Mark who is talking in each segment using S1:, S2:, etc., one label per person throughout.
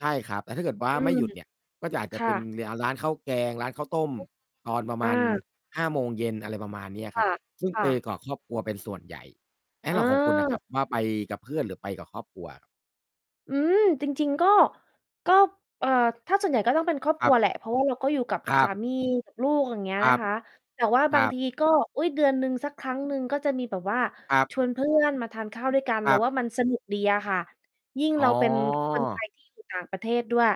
S1: ใช่ครับ แต่ถ้าเกิดว่า
S2: อื
S1: ไม่
S2: ม
S1: หยุดเนี่ย ก็อาจ
S2: ค
S1: จะเ
S2: ่
S1: ป็น
S2: ะ
S1: เลีย ร้านข้าวแกง ร้านข้าว ต้ม
S2: ฮึ
S1: ตอนประม
S2: อ
S1: า
S2: า
S1: ณ 17:00 อะไรประมาณนี้อ
S2: ค
S1: ะคร
S2: ่
S1: ับ
S2: ะ
S1: ซึ่ง
S2: ค
S1: เ
S2: ่
S1: ป
S2: ะ
S1: กอกครอบครัวเป็นส่วนใหญ่ เอ๊ ของคุณอะค
S2: เ
S1: ร
S2: ออ
S1: ับว่า ไปกับเพื่อน หรือไปกับครอบครัว?
S2: อืม จริง ๆ ก็ ก็ เอ่อ ถ้าส่วนใหญ่ก็ต้องเป็นครอบ
S1: ค
S2: ค
S1: ร
S2: ร
S1: ั
S2: ั
S1: บ
S2: วแหละ เพราะว่าเราก็อยู่กับ
S1: ครั
S2: สา
S1: บ
S2: มี กับลูก อย่างเงี้ย
S1: คร
S2: น
S1: ั
S2: ะ
S1: บ
S2: คะ แต่ว่า
S1: ค
S2: บ
S1: ร
S2: า
S1: ั
S2: ง
S1: บ
S2: ที ก็ อุ๊ย เดือนหนึ่งสักครั้งหนึ่งก็จะมีแบบว่า
S1: ครับ
S2: ชวนเพื่อนมาทานข้าวด้วยกัน
S1: ค
S2: เร
S1: ร
S2: า
S1: ับ
S2: ว่ามันสนุกดีอะค่ะ ยิ่ง
S1: อ๋
S2: เรา
S1: อ
S2: เป็น คนไทยที่อยู่ต่างประเทศ ด้วย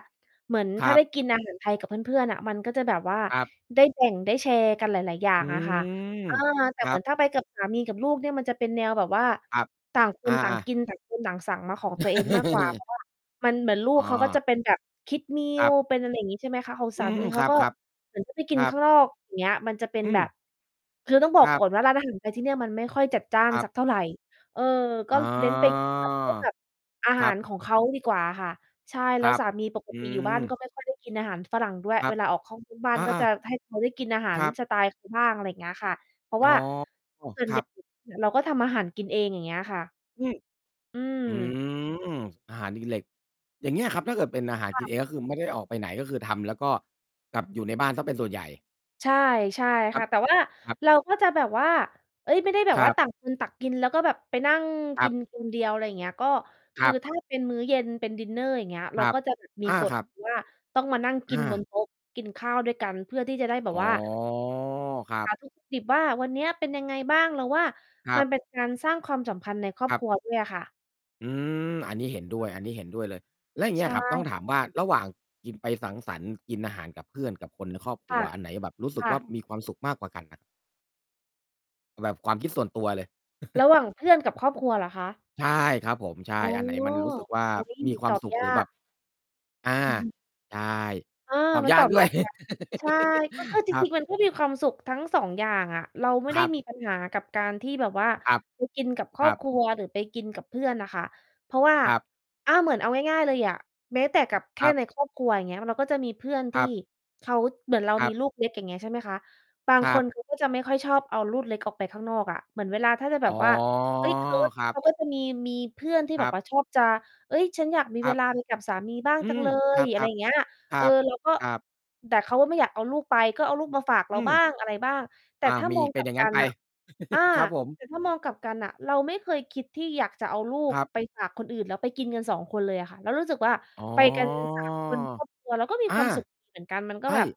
S2: เหมือน
S1: ค
S2: ถ
S1: ร
S2: ้
S1: ั
S2: า
S1: บ
S2: ได้กิน อาหาร ไทยกับเพื่อน ๆ อะ มันก็จะแบบว่า
S1: ครับ
S2: ได้แบ่ง ได้แชร์กันหลาย ๆ อย่า
S1: อื
S2: งอะค่ะ
S1: ม
S2: เออ แต
S1: ค
S2: ่
S1: ร
S2: เ
S1: ั
S2: หมือ
S1: บ
S2: นถ้าไปกับสามีกับลูกเนี่ย มันจะเป็นแนวแบบว่า
S1: ครับ
S2: ต่างค
S1: อ
S2: นต่าง
S1: า ๆ
S2: กิน ต่างคนต่างสั่งมาของตัวเองมากกว่า เพราะว่า มัน เหมือนลู
S1: อ
S2: ก
S1: ๋
S2: เขาก็จ
S1: อ
S2: ะเป็นแบบ Kids
S1: ครั
S2: Meal
S1: บ
S2: เป็น อะไรอย่างงี้ ใช่ไหมคะ ของ
S1: อื
S2: สา
S1: ม
S2: มี
S1: ค
S2: เข
S1: ร
S2: า
S1: ับ
S2: ก็
S1: ๆ ค
S2: เหมือนจะไปกิน
S1: รั
S2: ข
S1: บ
S2: ้างนอก อย่างเงี้ย มันจะเป็
S1: อ
S2: น
S1: ื
S2: แบบ
S1: ม
S2: คือต้องบอ
S1: ค
S2: ก
S1: รั
S2: ก
S1: บ
S2: ่อนว่า ร้าน อาหาร ไทยที่เนี่ยมันไม่ค่อยจัดจ้า
S1: ค
S2: น
S1: รั
S2: สั
S1: บ
S2: กเท่าไร เออ ก
S1: อ
S2: ็
S1: ๋อ
S2: เน้น ไปกินแบบพวกแบบ อา
S1: ค
S2: ห
S1: ร
S2: า
S1: ั
S2: ร
S1: บ
S2: ของเขาดีกว่าค่ะ ใช่
S1: ค
S2: แล้
S1: ร
S2: ว
S1: ับ
S2: สามีปก
S1: อื
S2: ติอยู่บ้าน
S1: ม
S2: ก็ไม่ค่อย ได้กินอาหารฝรั่งด้วย
S1: คร
S2: เ
S1: ั
S2: ว
S1: บ
S2: ลาออกข้องนอกบ้าน
S1: อ
S2: ก็
S1: า
S2: จะ
S1: ๆ
S2: ให้ เขาได้กินอาหา
S1: ค
S2: ร
S1: รับ
S2: สไตล์เขาบ้าง อะไรอย่างเงี้ยค่ะ เพราะ
S1: อ๋
S2: ว
S1: อ
S2: ่า ส่ว
S1: ค
S2: น
S1: ร
S2: ให
S1: ั
S2: ญ่
S1: บ
S2: เราก็ทำอาหารกินเอง อย่างเงี้ยค่ะ
S1: อืม
S2: อืม
S1: อืม อาหารดีเหล็ก อย่างเงี้ยครับ ถ้าเกิดเป็นอาหาร
S2: ค
S1: ก
S2: ่
S1: ิน
S2: ะ
S1: เอง ก็คือไม่ได้ออกไปไหน ก็คือทำแล้วก็กลับอยู่ในบ้านเสียเป็นส่วนใหญ่
S2: ใช่
S1: ค
S2: ๆ
S1: รั
S2: ค่
S1: บ
S2: ะ แต่ว่า
S1: ครับ
S2: เราก็จะแบบว่า เฮ้ย ไม่ได้แบ
S1: ค
S2: บ
S1: ร
S2: ว
S1: ั
S2: ่า
S1: บ
S2: ต่างคนตักกิน แล้วก็แบบไปนั่ง
S1: ค
S2: ก
S1: รั
S2: ิ
S1: บ
S2: นคนเดียว อะไรอย่างเงี้ย ก็ค
S1: คร
S2: ื
S1: ั
S2: อ
S1: บ
S2: ถ้าเป็นมื้อเย็นเป็นดินเนอร์ อย่างเงี้ย
S1: ค
S2: เรา
S1: รับ
S2: ก็จะมี
S1: อา
S2: ก
S1: ค
S2: ฎ
S1: รั
S2: อ
S1: บ
S2: ยู่ ว่า ต้องมานั่งกิ
S1: อ
S2: น บน
S1: า
S2: โต๊ะกินข้าว ด้วยกัน เพื่อที่จะได้แ
S1: อ
S2: บบ
S1: ๋อ
S2: ว่า
S1: ครั
S2: ส
S1: บ
S2: ารทุกข์ ดิบว่า วันนี้เป็นยังไงบ้าง เราว่า
S1: คร
S2: ม
S1: ั
S2: ัน
S1: บ
S2: เป็นการสร้างความสัมพันธ์ในครอ
S1: ค
S2: บ
S1: รั
S2: ค
S1: บ
S2: รัวด้วยค่ะ
S1: อืม อันนี้เห็นด้วย อันนี้เห็นด้วยเลย แล้วอย่างเง
S2: ใ
S1: ี
S2: ช
S1: ้ยอะครับ ต้
S2: ่
S1: องถามว่า ระหว่างกิน ไปสังสรรค์ กินอาหารกับเพื่อน กับคนในครอบค
S2: ค
S1: รั
S2: ่
S1: ว
S2: ะ
S1: อันไหนแบบรู้สึ
S2: ค
S1: ก
S2: ่
S1: ว่า
S2: ะ
S1: มีความสุขมากกว่ากันอะ? เอาแบบความคิดส่วนตัวเลย
S2: ระหว่างเพื่อนกับครอบครัวเหรอคะ?
S1: ใช่ครับผม ใช่
S2: อ๋อ
S1: อันไหนมันรู้สึกว่า
S2: อุ๊ย
S1: มีคว
S2: ต
S1: าม
S2: อบ
S1: สุข
S2: ยา
S1: หรือแบบ
S2: ก
S1: อ่า ใช่
S2: อา
S1: ตอบ
S2: มัน
S1: ย
S2: ต
S1: า
S2: อ
S1: ก
S2: บ
S1: ด้
S2: ย
S1: วย
S2: ากนะ ใช่ ก็คือจ
S1: ครั
S2: ริ
S1: บ
S2: ง ๆ มันก็มีความสุขทั้ง 2 อย่างอะเราไม่
S1: ค
S2: ได
S1: ร
S2: ้
S1: ับ
S2: มีปัญหากับการที่แบบว่า
S1: ครับ
S2: ไปกินกับค
S1: ค
S2: รอ
S1: ร
S2: บ
S1: ับ
S2: ครัว หรือไปกินกับเพื่อนอะค่ะ เพราะว่า
S1: ครับ
S2: อ่า เหมือนเอาง่าย ๆ เลยอะ แม้แต่กับแค
S1: ค
S2: ่
S1: รับ
S2: ในครอบครัว อย่างเงี้ย เราก็จะมีเพื่อน
S1: ค
S2: ท
S1: ร
S2: ี่
S1: ับ
S2: เขา เหมือนเรา
S1: ครั
S2: มี
S1: บ
S2: ลูกเล็ก อย่างเงี้ย ใช่ไหมคะ บาง
S1: คร
S2: ค
S1: ับ
S2: น เขาก็จะ ไม่ค่อยชอบเอาลูกเล็กออกไปข้างนอกอะ เหมือนเวลาถ้าจะแบ
S1: อ๋
S2: บ
S1: อ
S2: ว่า เฮ้ย ท
S1: ครั
S2: เข
S1: บ
S2: าก็จะมี มีเพื่อนที่
S1: ค
S2: แ
S1: ร
S2: บ
S1: ั
S2: บว
S1: บ
S2: ่าชอบจะ เฮ้ย ฉันอยากมี
S1: ค
S2: เ
S1: ร
S2: ว
S1: ับ
S2: ลาไปกับสามีบ้าง
S1: อื
S2: จัง
S1: ม
S2: เล
S1: คร
S2: ย อะไร
S1: ั
S2: อ
S1: บ
S2: ย่างเงี้ย
S1: ๆ คร
S2: เอ
S1: ั
S2: อ
S1: บ
S2: เราก็
S1: ครับ
S2: แต่เขาก็ไม่อยากเอาลูกไป ก็เอาลูกมาฝากเ
S1: อ
S2: ร
S1: ื
S2: า
S1: ม
S2: บ้างอะไรบ้าง แต่
S1: อา
S2: ถ้า
S1: มี
S2: มอง
S1: เป
S2: ก
S1: ็
S2: ล
S1: น
S2: ั
S1: อ
S2: บ
S1: ย่าง
S2: ก
S1: งั
S2: ั
S1: ้น
S2: น
S1: ไป
S2: อะ อา
S1: ครับผม
S2: แต่ถ้ามองกลับกันน่ะ เราไม่เคยคิดที่อยากจะเอาลู
S1: ค
S2: ก
S1: รับ
S2: ไปฝากคนอื่น แล้วไปกินกัน 2 คนเลยอะค่ะ เรารู้สึกว่า
S1: อ๋อ
S2: ไปกัน 3 คนครอบครัว เราก็มี
S1: อา
S2: ความสุข ดี เหมือนกัน มันก
S1: ใ
S2: ็
S1: ช
S2: แบบ
S1: ่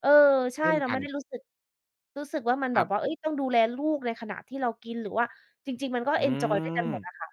S2: เออ ใช
S1: เ
S2: ่
S1: ช่น
S2: เรา
S1: ก
S2: ไ
S1: ั
S2: ม่
S1: น
S2: ได้ รู้สึก รู้สึกว่า มันแ
S1: ค
S2: บ
S1: รั
S2: บ
S1: บ
S2: ว่า เฮ้ย ต้องดูแลลูกในขณะที่เรากิน หรือว่าจริง ๆ มันก็
S1: อื
S2: เอนจอยด้วยกันหมด
S1: ม
S2: อะค่ะ